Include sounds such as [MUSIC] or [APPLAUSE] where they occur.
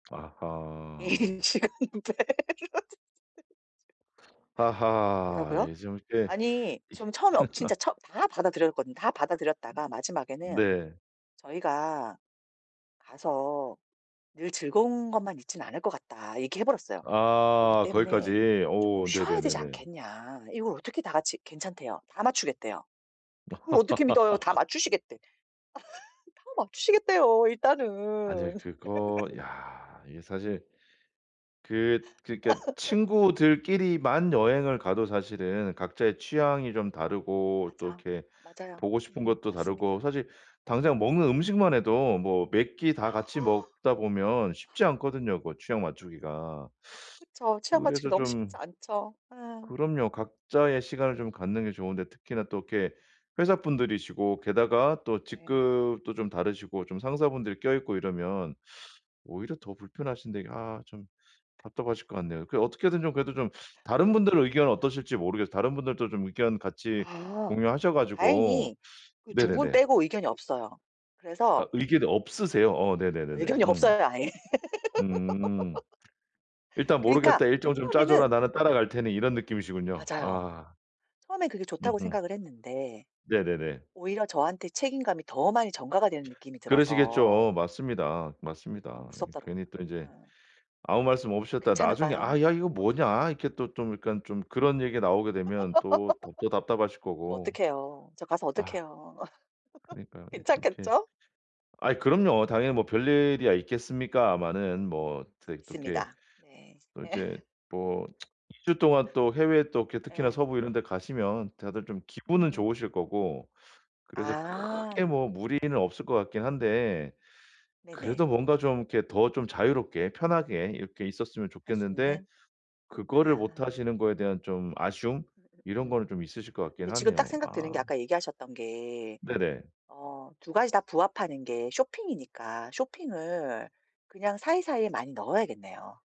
아하. 이 시간대 [LAUGHS] 아하. 뭐라고요? 이 좀 이게 아니 이 좀 처음에 어 진짜 [LAUGHS] 처 다 받아들였거든. 다 받아들였다가 마지막에는 네. "저희가 가서 늘 즐거운 것만 있진 않을 것 같다." 얘기해 버렸어요. "그러기 아. 때문에 거기까지. 쪼끔 오. 쉬어야 되지 네네네네. 않겠냐." 이걸 어떻게 다 같이 괜찮대요. 다 맞추겠대요. 그걸 어떻게 믿어요? 다 [LAUGHS] 맞추시겠대. [LAUGHS] 다 맞추시겠대요, 일단은. 아닐 그거 [LAUGHS] 야. 이게 사실 그 그러니까 [LAUGHS] 친구들끼리만 여행을 가도 사실은 각자의 취향이 좀 다르고 또 맞아. 이렇게 맞아요. 보고 싶은 음 것도 다르고 맞습니다. 사실 당장 음. 먹는 음식만 해도 뭐 몇 끼 다 같이 [INHALES] 먹다 보면 쉽지 않거든요, 그 취향 맞추기가. 그쵸. 취향 맞추기 그래서 너무 쉽지 좀 않죠. 예. 그럼요. 각자의 시간을 좀 갖는 게 좋은데 특히나 또 이렇게 회사분들이시고 게다가 또 네. 직급도 좀 다르시고 좀 상사분들 껴있고 이러면 오히려 더 불편하신데 이게 아 좀 답답하실 것 같네요. [LAUGHS] 그 어떻게든 좀 그래도 좀 다른 분들 의견은 [LAUGHS] 어떠실지 모르겠어요. 다른 분들도 좀 의견 같이 아. 공유하셔 가지고 다행히 그 두 분 네네네. 빼고 의견이 없어요. 아 그래서 의견이 없으세요? 어 네네네네. 의견이 음. 없어요 아예. 음음. [LAUGHS] "일단 그니까 모르겠다. 일정 좀 짜줘라. 처음에는 나는 따라갈 테니." 이런 느낌이시군요. 맞아요. 아. 처음엔 그게 좋다고 음음. 생각을 했는데 네네네. 오히려 저한테 책임감이 더 많이 전가가 되는 느낌이 들어서 그러시겠죠. 맞습니다. 어 맞습니다. 무섭더라고요. 괜히 또 이제 예. 아무 말씀 저 없으셨다가 나중에 괜찮을까요? "아 야 이거 뭐냐." 어떡해요. 이렇게 또 좀 약간 좀 그런 얘기가 나오게 [LAUGHS] 되면 또 덥더 답답하실 저 거고. 어떡해요. 저 가서 아. 어떡해요. [LAUGHS] 그니까요. 이 좀 이렇게 괜찮겠죠? 아 그럼요. 당연히 뭐 별일이야 있겠습니까만은 뭐 또 이 또 이렇게 있습니다. 네. 또 예. 이제 뭐 2 주 동안 또 해외 또 이렇게 [LAUGHS] 특히나 예. 서부 이런 데 가시면 다들 좀 기분은 음. 좋으실 거고 그래서 크게 아. 뭐 무리는 없을 것 같긴 한데 네네. 그래도 뭔가 좀 이렇게 더 좀 자유롭게 편하게 이렇게 있었으면 할 수 좋겠는데 있는. 그거를 못 아. 하시는 거에 대한 좀 아쉬움 이런 음음음음. 거는 좀 있으실 것 같긴 근데 지금 딱 하네요. 생각 드는 게 아. 아까 얘기하셨던 게 네네. 어 2 가지 다 부합하는 게 쇼핑이니까 쇼핑을 그냥 사이사이에 많이 넣어야겠네요.